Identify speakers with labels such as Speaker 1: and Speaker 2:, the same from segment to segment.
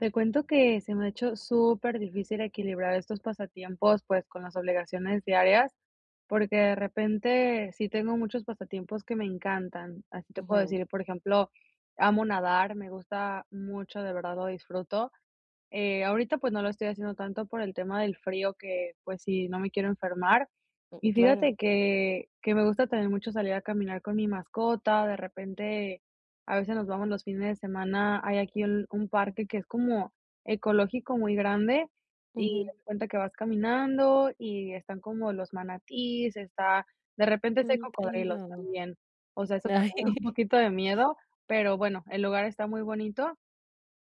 Speaker 1: Te cuento que se me ha hecho superdifícil equilibrar estos pasatiempos, pues, con las obligaciones diarias, porque de repente sí tengo muchos pasatiempos que me encantan. Así te puedo
Speaker 2: Ujú.
Speaker 1: decir, por ejemplo, amo nadar. Me gusta mucho, de verdad lo disfruto. Eh, ahorita, pues, no lo estoy haciendo tanto por el tema del frío que, pues, sí, no me quiero enfermar.
Speaker 2: Mm,
Speaker 1: Y fíjate
Speaker 2: claro.
Speaker 1: que que me gusta también mucho salir a caminar con mi mascota. De repente, a veces nos vamos los fines de semana hay aquí un un parque que es como ecológico, muy grande, y haz
Speaker 2: Ujú.
Speaker 1: de cuenta que vas caminando y están como los manatíes, está de repente sí hay
Speaker 2: Ay, qué
Speaker 1: cocodrilos
Speaker 2: lindo.
Speaker 1: también. O sea, eso te
Speaker 2: Ay.
Speaker 1: da un poquito de miedo, pero bueno, el lugar está muy bonito.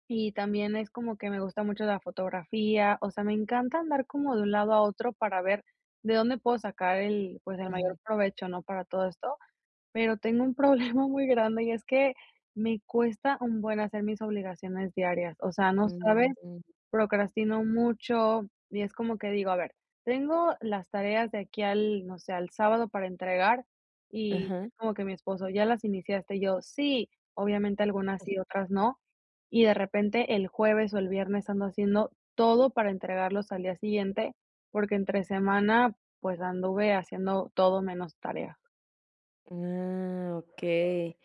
Speaker 1: Y también es como que me gusta mucho la fotografía. O sea, me encanta andar como de un lado a otro para ver de dónde puedo sacar el pues, el mayor
Speaker 2: Ujú.
Speaker 1: provecho, ¿no? Para todo esto. Pero tengo un problema muy grande, y es que me cuesta un buen hacer mis obligaciones diarias. O sea, no sabes.
Speaker 2: [unintelligible]
Speaker 1: Procrastino mucho, y es como que digo: "A ver, tengo las tareas de aquí al, no sé, al sábado para entregar", y
Speaker 2: Ajá.
Speaker 1: como que mi esposo: "¿Ya las iniciaste? Y yo: "Sí". Obviamente, algunas sí, otras no. Y de repente el jueves o el viernes ando haciendo todo para entregarlos al día siguiente, porque entre semana, pues, anduve haciendo todo menos tarea.
Speaker 2: Ah, okey.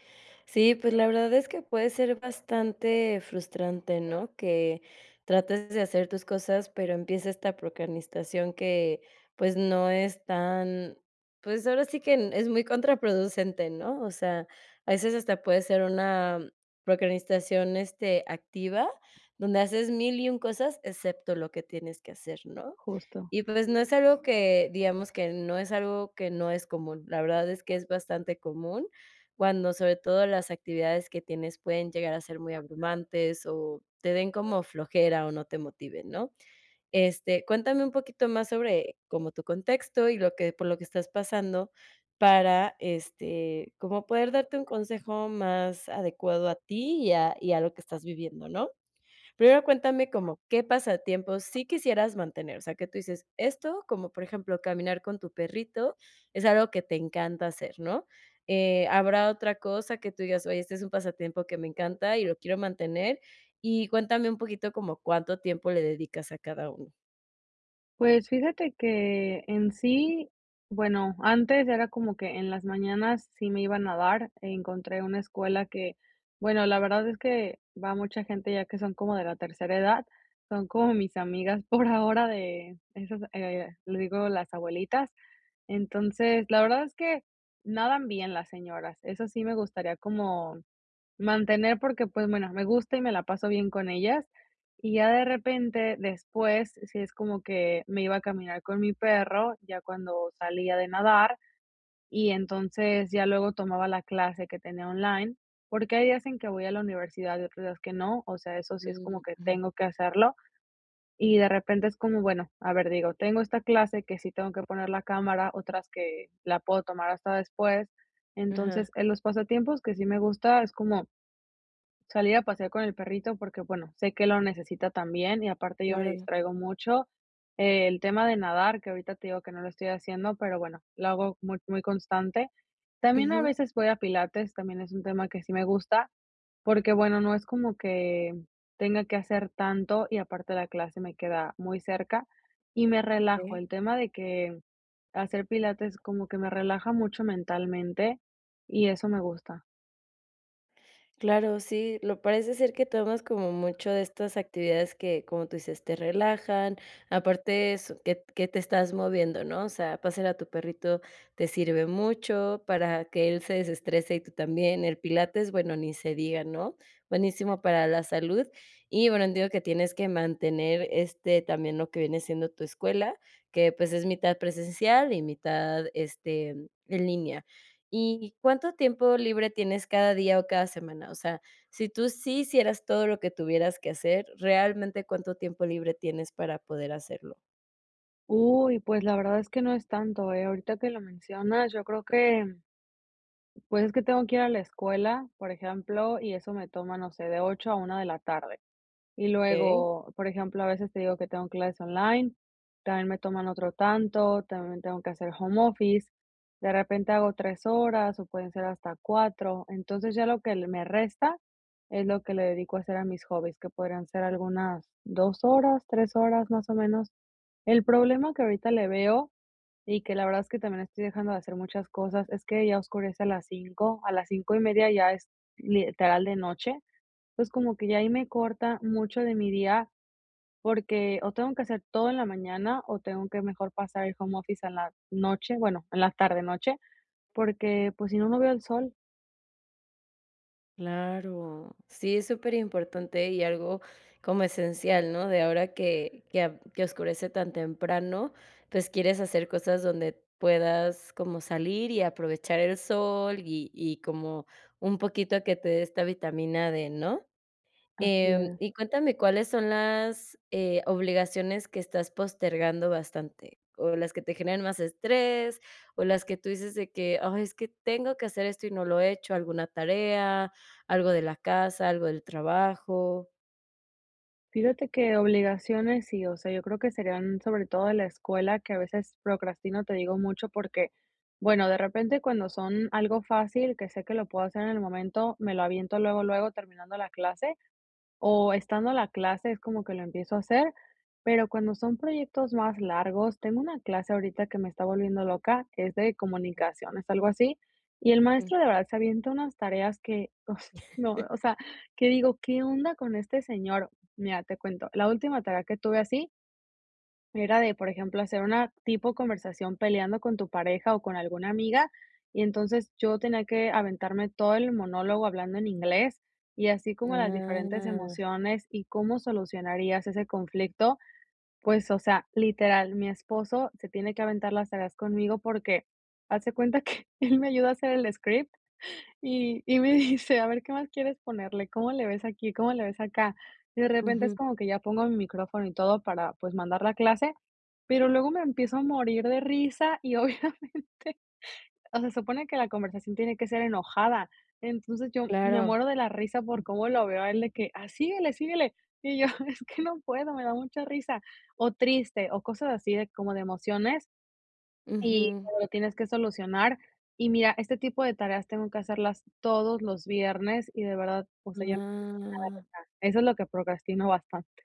Speaker 2: Sí, pues, la verdad es que puede ser bastante frustrante, ¿no? Que trates de hacer tus cosas, pero empieza esta procrastinación que, pues no es tan, pues, ahora sí que es muy contraproducente, ¿no? O sea, a veces hasta puede ser una procrastinación,, este, activa, donde haces 1000, y 1 cosas, excepto lo que tienes que hacer, ¿no?
Speaker 1: Justo.
Speaker 2: Y pues, no es algo que, digamos, que no es algo que no es común, la verdad es que es bastante común, cuando sobre todo las actividades que tienes pueden llegar a ser muy abrumantes, o te den como flojera, o no te motiven, ¿no? Este, cuéntame un poquito más sobre como tu contexto, y lo que por lo que estás pasando para, este, como poder darte un consejo más adecuado a ti, y a y a lo que estás viviendo, ¿no? Primero, cuéntame como qué pasatiempo sí quisieras mantener, o sea, que tú dices esto, como por ejemplo, caminar con tu perrito, es algo que te encanta hacer, ¿no? Eh, habrá otra cosa que tú digas, oye, este es un pasatiempo que me encanta, y lo quiero mantener. Y cuéntame un poquito, como, ¿cuánto tiempo le dedicas a cada uno?
Speaker 1: Pues, fíjate que en sí, bueno, antes era como que en las mañanas sí me iban a dar, encontré una escuela que, bueno, la verdad es que va mucha gente, ya que son como de la tercera edad, son como mis amigas, por ahora, de esas, eh, le digo, las abuelitas. Entonces, la verdad es que nadan bien las señoras. Eso sí me gustaría como mantener porque, pues, bueno, me gusta y me la paso bien con ellas, y ya de repente, después, sí es como que me iba a caminar con mi perro, ya cuando salía de nadar, y entonces ya luego tomaba la clase que tenía online, porque, hay días en que voy a la universidad, y otros días que no, o sea, eso sí es como
Speaker 2: Mm.
Speaker 1: que
Speaker 2: Ujú.
Speaker 1: tengo que hacerlo. Y de repente es como, bueno, a ver, digo, tengo esta clase que sí tengo que poner la cámara, otras que la puedo tomar hasta después.
Speaker 2: Ajá.
Speaker 1: Entonces, en los pasatiempos que sí me gusta es como salir a pasear con el perrito, porque, bueno, sé que lo necesita también y aparte yo me
Speaker 2: Claro.
Speaker 1: distraigo mucho. El tema de nadar, que ahorita te digo que no lo estoy haciendo, pero, bueno, lo hago muy muy constante. También a
Speaker 2: Ujú.
Speaker 1: veces voy a pilates, también es un tema que sí me gusta, porque bueno, no es como que tenga que hacer tanto, y aparte la clase me queda muy cerca, y me relajo.
Speaker 2: Okey.
Speaker 1: El tema de que, hacer pilates como que me relaja mucho mentalmente, y eso me gusta.
Speaker 2: Claro, sí, lo parece ser que tomas como mucho de estas actividades que, como tú dices, te relajan, aparte es que t que te estás moviendo ¿no? O sea, pasear a tu perrito, te sirve mucho, para que él se desestrese y tú también, el pilates, bueno, ni se diga, ¿no? Buenísimo para la salud. Y bueno, entiendo que tienes que mantener, este, también lo que viene siendo tu escuela, que pues, es mitad presencial y mitad, este, en línea. Y, ¿cuánto tiempo libre tienes cada día o cada semana? O sea, si tú sí hicieras todo lo que tuvieras que hacer, ¿realmente cuánto tiempo libre tienes para poder hacerlo?
Speaker 1: Uy, pues, la verdad es que no es tanto, eh, ahorita que lo mencionas, yo creo que Pues, es que tengo que ir a la escuela, por ejemplo, y eso me toma, no sé, de 8 a 1 de la tarde. Y
Speaker 2: Okey.
Speaker 1: luego, por ejemplo, a veces te digo que tengo clases online, también me toman otro tanto, también me tengo que hacer home office. De repente hago 3 horas, o pueden ser hasta 4. Entonces, ya lo que le me resta es lo que le dedico a hacer a mis hobbies, que podrían ser algunas 2 horas, 3 horas, más o menos. El problema que ahorita le veo, y que la verdad es que también estoy dejando de hacer muchas cosas, es que ya oscurece a las 5 a las 5 1/2 ya es literal de noche. Entonces, como que ya ahí me corta mucho de mi día, porque o, tengo que hacer todo en la mañana o tengo que mejor pasar el home office en la noche, bueno, en la tarde-noche, porque, pues, si no, no veo el sol.
Speaker 2: Claro, sí es superimportante y algo como esencial, ¿no? De ahora que que a que oscurece tan temprano, pues, quieres hacer cosas donde puedas, como salir, y aprovechar el sol, y y como un poquito a que te dé esta vitamina D, ¿no?
Speaker 1: Así
Speaker 2: Em,
Speaker 1: es.
Speaker 2: y cuéntame, ¿cuáles son, eh, las obligaciones que estás postergando bastante? ¿O las que te generan más estrés, o las que tú dices de que: "Ah, es que tengo que hacer esto, y no lo he hecho", alguna tarea, algo de la casa, algo del trabajo?
Speaker 1: Fíjate que obligaciones sí, o sea, yo creo que serían sobre todo de la escuela, que a veces procrastino, te digo mucho porque, bueno, de repente cuando son algo fácil, que sé que lo puedo hacer en el momento, me lo aviento luego luego terminando la clase, o estando la clase es como que lo empiezo a hacer, pero cuando son proyectos más largos tengo una clase ahorita que me está volviendo loca, que es de comunicaciones, algo así, y el
Speaker 2: Mm.
Speaker 1: maestro de verdad se avienta unas tareas que uf, no, o sea, que digo, ¿qué onda con este señor? Mira, te cuento, la última tarea que tuve así era de, por ejemplo, hacer una tipo conversación peleando con tu pareja o con alguna amiga. Y entonces yo tenía que aventarme todo el monólogo hablando en inglés, y así como las diferentes
Speaker 2: Ah.
Speaker 1: emociones y cómo solucionarías ese conflicto. Pues, o sea, literal, mi esposo se tiene que aventar las tareas conmigo porque, haz de cuenta que él me ayudó a hacer el script, y y me dice: "A ver qué más quieres ponerle, cómo le ves aquí, cómo le ves acá". Y de repente es
Speaker 2: Ujú.
Speaker 1: como que ya pongo mi micrófono y todo para, pues, mandar la clase, pero luego me empiezo a morir de risa y, obviamente, o se supone que la conversación tiene que ser enojada. Entonces yo me
Speaker 2: Claro.
Speaker 1: muero de la risa por cómo lo veo a él de que: "A síguele, síguele", y yo: "Es que no puedo me da mucha risa", o triste o cosas así de como de emociones y
Speaker 2: Ujú.
Speaker 1: lo tienes que solucionar. Y mira, este tipo de tareas tengo que hacerlas todos los viernes, y de verdad, o sea, ya
Speaker 2: Ah.
Speaker 1: [unintelligible] eso es lo que procrastino bastante.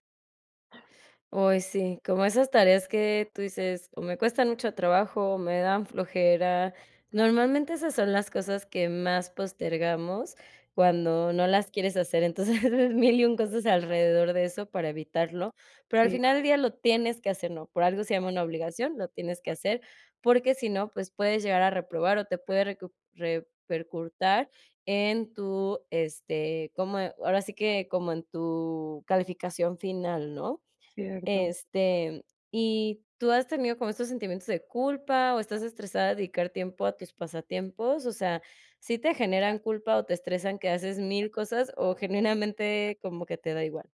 Speaker 2: Ay, sí, como esas tareas que tú dices: "O me cuestan mucho trabajo, o me dan flojera". Normalmente esas son las cosas que más postergamos cuando no las quieres hacer, entonces haces 1000 y 1 cosas alrededor de eso para evitarlo. Pero al
Speaker 1: Sí.
Speaker 2: final del día lo tienes que hacer, ¿no?, por algo se llama una obligación. Lo tienes que hacer, porque si no, pues puedes llegar a reprobar o te puede recu repercutir en tu, este como ahora sí que como en tu calificación final, ¿no?
Speaker 1: Cierto.
Speaker 2: Este, ¿y tú has tenido como estos sentimientos de culpa o estás estresada de dedicar tiempo a tus pasatiempos? O sea, ¿sí te generan culpa o te estresan que haces 1000 cosas o generalmente como que te da igual?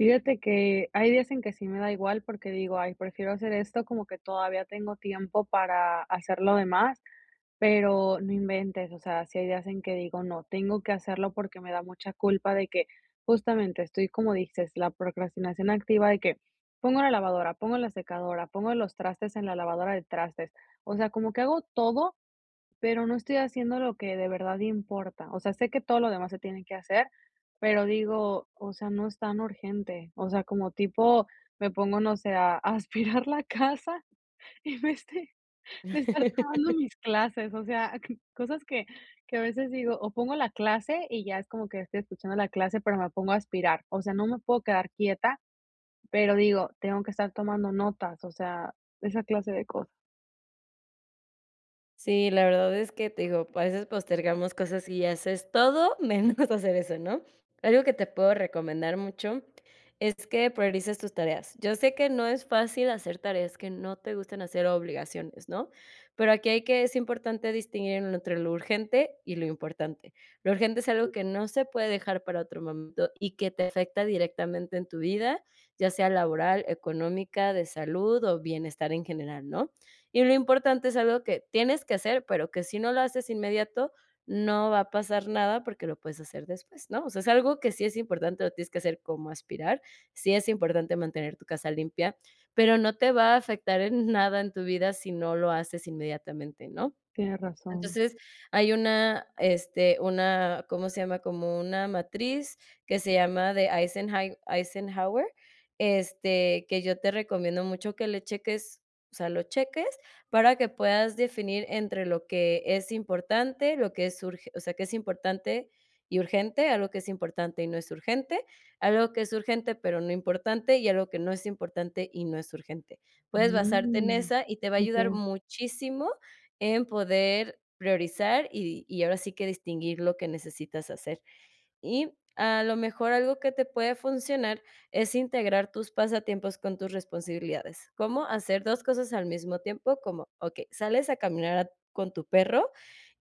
Speaker 1: Fíjate que, hay días en que sí me da igual, porque digo, ay, prefiero hacer esto, como que todavía tengo tiempo para hacer lo demás, pero, no inventes, o sea, si hay días en que digo no, tengo que hacerlo, porque, me da mucha culpa de que justamente estoy, como dices, la procrastinación activa, y que pongo la lavadora, pongo la secadora, pongo los trastes en la lavadora de trastes. O sea, como que hago todo, pero, no estoy haciendo lo que de verdad importa, o sea, sé que todo lo demás se tiene que hacer, pero digo, o sea, no es tan urgente, o sea, como tipo me pongo, no sé, a a aspirar la casa, en vez de de estar tomando mis clases, o sea, c cosas que que a veces digo, o pongo la clase, y ya es como que estoy escuchando la clase, pero, me pongo a aspirar. O sea, no me puedo quedar quieta, pero digo, tengo que estar tomando notas, o sea, esa clase de cosas.
Speaker 2: Sí, la verdad es que, te digo, pue a veces postergamos cosas, y haces todo, menos hacer eso, ¿no? Algo que te puedo recomendar mucho, es que priorices tus tareas. Yo sé que no es fácil hacer tareas que no te gusten, hacer obligaciones, ¿no? Pero aquí hay que es importante distinguir entre lo urgente, y lo importante. Lo urgente, es algo que no se puede dejar para otro momento, y que te afecta directamente en tu vida, ya sea laboral, económica, de salud, o bienestar en general, ¿no? Y lo importante, es algo que tienes que hacer, pero, que si no lo haces inmediato, no va a pasar nada, porque lo puedes hacer después, ¿no? O sea, es algo que sí es importante, lo tienes que hacer, como aspirar, sí es importante mantener tu casa limpia, pero no te va a afectar en nada, en tu vida si no lo haces inmediatamente, ¿no?
Speaker 1: Tienes razón.
Speaker 2: Entonces, hay una, este, una, ¿cómo se llama? Como una matriz, que se llama de Eisenhand Eisenhower, este, que yo te recomiendo mucho que le cheques, o sea, lo cheques para que puedas definir entre lo que es importante, lo que es urge o sea, que es importante y urgente, algo que es importante y no es urgente, algo que es urgente pero no importante y algo que no es importante y no es urgente. Puedes basarte en
Speaker 1: Mm.
Speaker 2: esa, y te va a ayudar
Speaker 1: Okey.
Speaker 2: muchísimo en poder priorizar, y y ahora sí que distinguir lo que necesitas hacer, y a lo mejor algo que te puede funcionar es integrar tus pasatiempos con tus responsabilidades, ¿cómo hacer 2, cosas al mismo tiempo? Como okey, sales a caminar a con tu perro,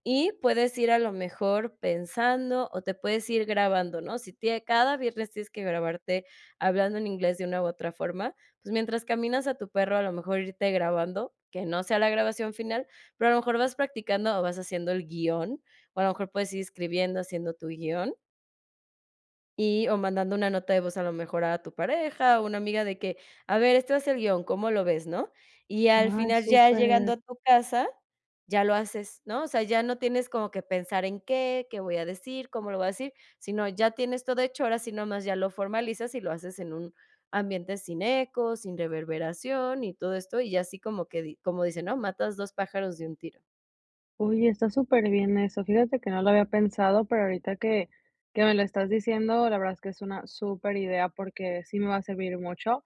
Speaker 2: y puedes ir a lo mejor pensando, o te puedes ir grabando, ¿no? Si tiene cada viernes tienes que grabarte hablando en inglés, de una u otra forma, pues mientras caminas a tu perro, a lo mejor irte grabando, que no sea la grabación final, pero, a lo mejor vas practicando o vas haciendo el guion, o a lo mejor puedes ir escribiendo, haciendo tu guion y, o mandando una nota de voz a lo mejor a tu pareja, o una amiga de que, a ver, este es el guion, ¿cómo lo ves?, ¿no? Y al
Speaker 1: Ajá,
Speaker 2: final ya llegando
Speaker 1: súper.
Speaker 2: a tu casa, ya lo haces, ¿no? O sea, ya no tienes como que pensar en qué, qué voy a decir, cómo lo voy a decir, sino ya tienes todo hecho, ahora sí nomás ya lo formalizas, y lo haces en un ambiente sin eco, sin reverberación y todo esto, y así como que di como dicen, ¿no? Matas 2, pájaros de un tiro.
Speaker 1: Oye, está superbién eso, fíjate que no lo había pensado, pero ahorita que que me lo estás diciendo, la verdad es que es una superidea, porque sí me va a servir mucho,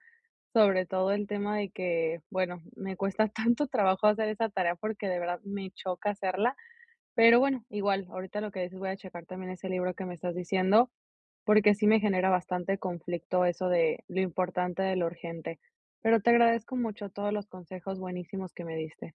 Speaker 1: sobre todo el tema de que, bueno, me cuesta tanto trabajo, hacer esa tarea, porque, de verdad, me choca hacerla. Pero bueno, igual ahorita lo que dices, voy a checar también ese libro que me estás diciendo, porque sí me genera bastante conflicto eso de lo importante de lo urgente. Pero te agradezco mucho todos los consejos buenísimos que me diste.